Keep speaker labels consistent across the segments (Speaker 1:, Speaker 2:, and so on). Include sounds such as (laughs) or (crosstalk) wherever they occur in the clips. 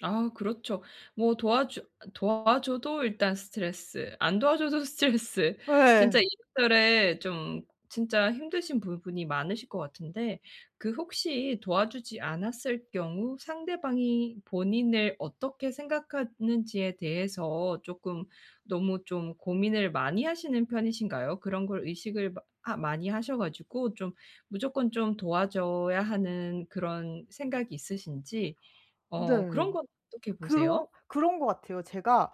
Speaker 1: 아, 그렇죠. 뭐 도와주 아 도와줘도 일단 스트레스, 안 도와줘도 스트레스. 진짜
Speaker 2: 예.
Speaker 1: 이래저래 좀 진짜 힘드신 부분이 많으실 것 같은데, 그 혹시 도와주지 않았을 경우 상대방이 본인을 어떻게 생각하는지에 대해서 조금 너무 좀 고민을 많이 하시는 편이신가요? 그런 걸 의식을 마 하 많이 하셔 가지고 좀 무조건 좀 도와줘야 하는 그런 생각이 있으신지.
Speaker 2: 네.
Speaker 1: 어 그런 건 어떻게
Speaker 2: 그러
Speaker 1: 보세요?
Speaker 2: 그런 거 같아요. 제가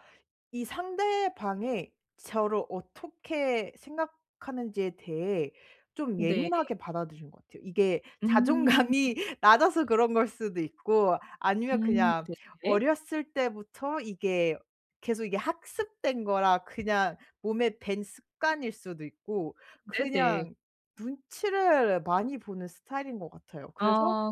Speaker 2: 이 상대방이 저를 어떻게 생각하는지에 대해 좀
Speaker 1: 네.
Speaker 2: 예민하게 받아들인 것 같아요. 이게
Speaker 1: 음.
Speaker 2: 자존감이 낮아서 그런 걸 수도 있고, 아니면
Speaker 1: 음
Speaker 2: 그냥
Speaker 1: 네 네.
Speaker 2: 어렸을 때부터 이게 계속 이게 학습된 거라 그냥 몸에 밴 습관일 수도 있고.
Speaker 1: 네네.
Speaker 2: 그냥 눈치를 많이 보는 스타일인 것 같아요. 그래서
Speaker 1: 아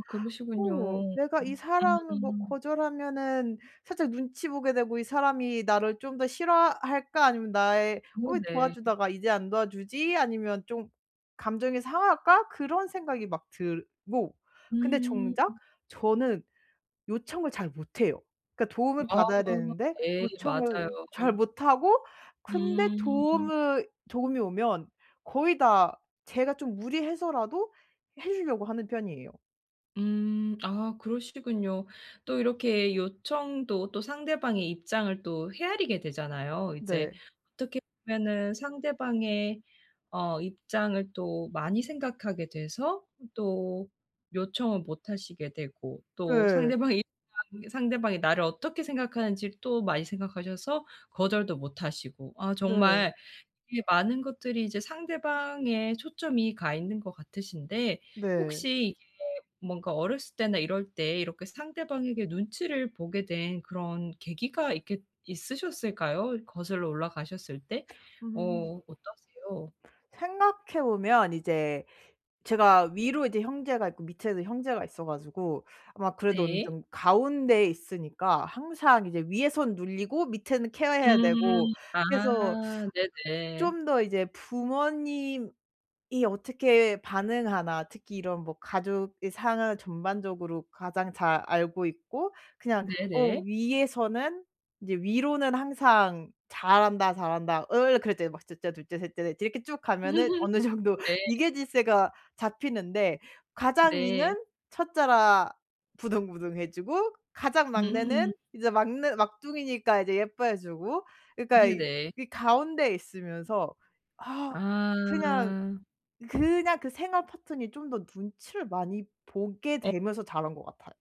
Speaker 2: '어
Speaker 1: 그러시군요.
Speaker 2: 내가 이 사람을 뭐
Speaker 1: 음.
Speaker 2: 거절하면은 살짝 눈치 보게 되고 이 사람이 나를 좀 더 싫어할까?' 아니면 나의, '어 왜
Speaker 1: 네네.
Speaker 2: 도와주다가 이제 안 도와주지?' 아니면 '좀 감정이 상할까?' 그런 생각이 막 들고. 근데
Speaker 1: 음.
Speaker 2: 정작 저는 요청을 잘 못해요. 그러니까 도움을
Speaker 1: 아.
Speaker 2: 받아야 되는데
Speaker 1: 예 맞아요.
Speaker 2: 요청을 잘 못 하고 근데
Speaker 1: 음.
Speaker 2: 도움으 도움이 오면 거의 다 제가 좀 무리해서라도 해 주려고 하는 편이에요.
Speaker 1: 음. 아, 그러시군요. 또 이렇게 요청도 또 상대방의 입장을 또 헤아리게 되잖아요. 이제
Speaker 2: 네.
Speaker 1: 어떻게 보면은 상대방의 어 입장을 또 많이 생각하게 돼서 또 요청을 못 하시게 되고, 또
Speaker 2: 예.
Speaker 1: 상대방이 (unintelligible) 상대방이 나를 어떻게 생각하는지를 또 많이 생각하셔서 거절도 못 하시고. 아
Speaker 2: 네.
Speaker 1: 정말 이 많은 것들이 이제 상대방에 초점이 가 있는 것 같으신데
Speaker 2: 네.
Speaker 1: 혹시 이게 뭔가 어렸을 때나 이럴 때 이렇게 상대방에게 눈치를 보게 된 그런 계기가 있겠 있으셨을까요? 어 거슬러 올라가셨을 때?
Speaker 2: 음.
Speaker 1: 어 어떠세요?
Speaker 2: 생각해 보면 이제 제가 위로 이제 형제가 있고 밑에도 형제가 있어 가지고 아마 그래도 어느
Speaker 1: 네.
Speaker 2: 정도 가운데에 있으니까 항상 이제 위에선 눌리고 밑에는 케어 해야 되고
Speaker 1: 음.
Speaker 2: 그래서
Speaker 1: 아
Speaker 2: (sucks teeth)
Speaker 1: 네네.
Speaker 2: 좀 더 이제 '부모님이 어떻게 반응하나?' 특히 이런 뭐 가족의 상황을 전반적으로 가장 잘 알고 있고 그냥 어
Speaker 1: 네네.
Speaker 2: 위에서는 이제 위로는 항상 "잘한다, 잘한다 응 그렇지." 막 1 째 2 째 3 째 4 째 이렇게 쭉 가면은 어느 정도
Speaker 1: (laughs) 네.
Speaker 2: 위계질서가 잡히는데 가장
Speaker 1: 네.
Speaker 2: 위는 1 째라 부등부등 해 주고 가장
Speaker 1: 음.
Speaker 2: 막내는 이제 막내 막둥이니까 이제 예뻐해 주고 그러니까
Speaker 1: 네네.
Speaker 2: 이 가운데 있으면서 아 그냥,
Speaker 1: 아.
Speaker 2: 그냥 그 생활 패턴이 좀 더 눈치를 많이 보게
Speaker 1: 어
Speaker 2: 되면서 자란 것 같아요.